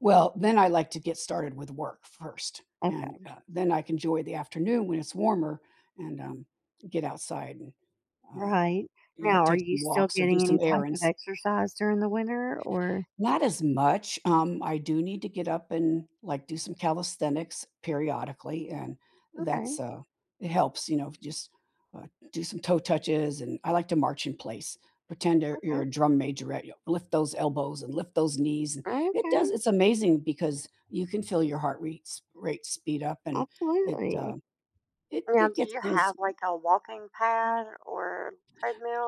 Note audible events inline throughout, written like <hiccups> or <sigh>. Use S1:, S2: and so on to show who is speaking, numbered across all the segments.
S1: Well, then I like to get started with work first and,
S2: Okay.
S1: uh, then I can joy the afternoon when it's warmer and, um, get outside and, um,
S2: Right.
S1: you know,
S2: Now are
S1: take
S2: you
S1: some
S2: still
S1: walks or do
S2: getting
S1: some
S2: any type of
S1: errands.
S2: exercise during the winter? Or
S1: Not as much, um, I do need to get up and, like, do some calisthenics periodically, and that's,
S2: Okay.
S1: uh it helps, you know, just, uh, do some toe touches and I like to march in place. Pretend you're you're
S2: Okay.
S1: a drum majorette, yo lift those elbows and lift those knees and it does
S2: Okay.
S1: it's amazing because you can feel your heart rates rate speed up and it, uh,
S2: Absolutely.
S1: it
S2: Now
S1: it
S2: do
S1: gets
S2: you
S1: things
S2: have, like, a walking pad or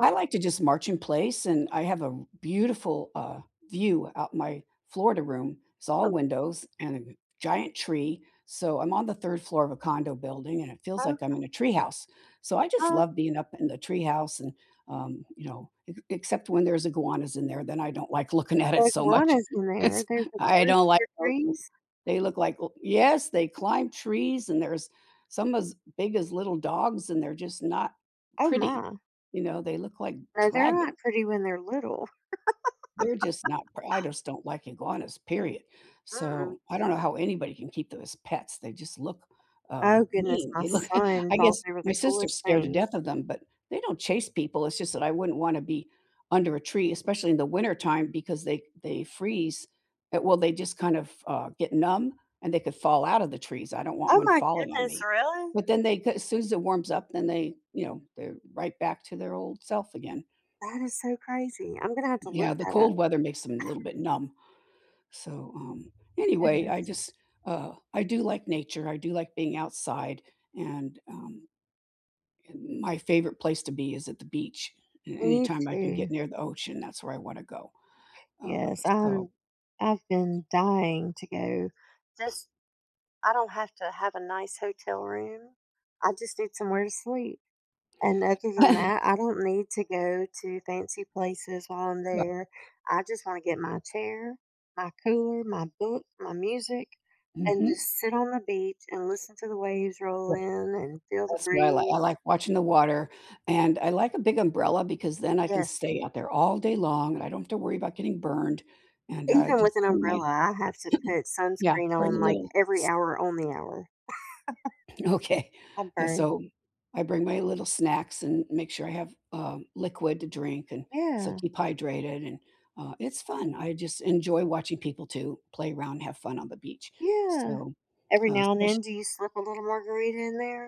S1: I like to just march in place and I have a r beautiful, uh, view out in my Florida room. It's all
S2: <unintelligible>
S1: windows and a g giant tree, so I'm on the 3rd floor of a condo building and it feels like I'm
S2: Okay.
S1: in a tree house. So, I just
S2: Oh.
S1: love being up in the tree house and, um, you know, ex except when there's iguanas in there, then I don't like looking at it so much.
S2: Iguanas in there?
S1: It's
S2: There's
S1: I
S2: iguanas
S1: don't
S2: in
S1: like
S2: your
S1: those
S2: trees?
S1: they look like l yes, they climb trees and there's some as big as little dogs and they're just not
S2: Oh,
S1: pretty,
S2: my.
S1: you know, they look like
S2: Uh, they're not
S1: dragon.
S2: pretty when they're little.
S1: They're just not
S2: <laughs>
S1: pr I just don't like iguanas, period.
S2: Mm-mm.
S1: So, I don't know how anybody can keep them as pets. They just look, uh,
S2: Oh, goodness,
S1: mean,
S2: my
S1: they look <laughs>
S2: son
S1: I
S2: thought
S1: guess
S2: they were
S1: my
S2: the
S1: sister's
S2: coolest
S1: scared to
S2: things.
S1: death of them, but they don't chase people, it's just that I wouldn't want to be under a tree, especially in the winter time because they they freeze at well, they just kind of, uh, get numb and they could fall out of the trees. I don't want
S2: Oh,
S1: one
S2: my
S1: falling on
S2: goodness,
S1: me,
S2: really?
S1: but then they c as soon as it warms up, they you know, they're right back to their old self again.
S2: That is so crazy. I'm gonna have to look
S1: Yeah, the
S2: that up.
S1: cold
S2: <chuckles>
S1: weather makes them a little bit numb. So, um, anyway, I
S2: Goodness.
S1: just, uh I do like nature, I do like being outside and, um, and my favorite place to be is at the beach. A
S2: Me
S1: anytime I can
S2: too.
S1: get near the ocean, that's where I want to go, uh,
S2: Yes.
S1: so
S2: I'm I've been dying to go. Just I don't have to have a nice hotel room, I just need somewhere to sleep. And other than
S1: <chuckles>
S2: that, I don't need to go to fancy places while I'm
S1: Righ
S2: there. I just wanna get my chair, my cooler, my book, my music, and just
S1: Mhm.
S2: sit on the beach and listen to the waves roll in and feel the
S1: That's what I like I
S2: breeze.
S1: like watching the water, and I like a big umbrella, because then I can
S2: Yes.
S1: stay out there all day long and I don't have to worry about getting burned, and, uh,
S2: Even
S1: just
S2: with an
S1: bring my
S2: umbrella, I have to put
S1: <hiccups> Yeah.
S2: sunscreen
S1: Bring a
S2: on, like,
S1: little
S2: every
S1: s
S2: hour on the hour.
S1: Okay,
S2: <laughs> I
S1: uh
S2: burn.
S1: so, I bring my little snacks and make sure I have, um, liquid to drink and so
S2: Yeah.
S1: keep hydrated, and, uh, it's fun. I just enjoy watching people too, play around, have fun on the beach,
S2: Yeah.
S1: so,
S2: Every
S1: uh,
S2: now and
S1: especi
S2: then do you slip a little margarita in there?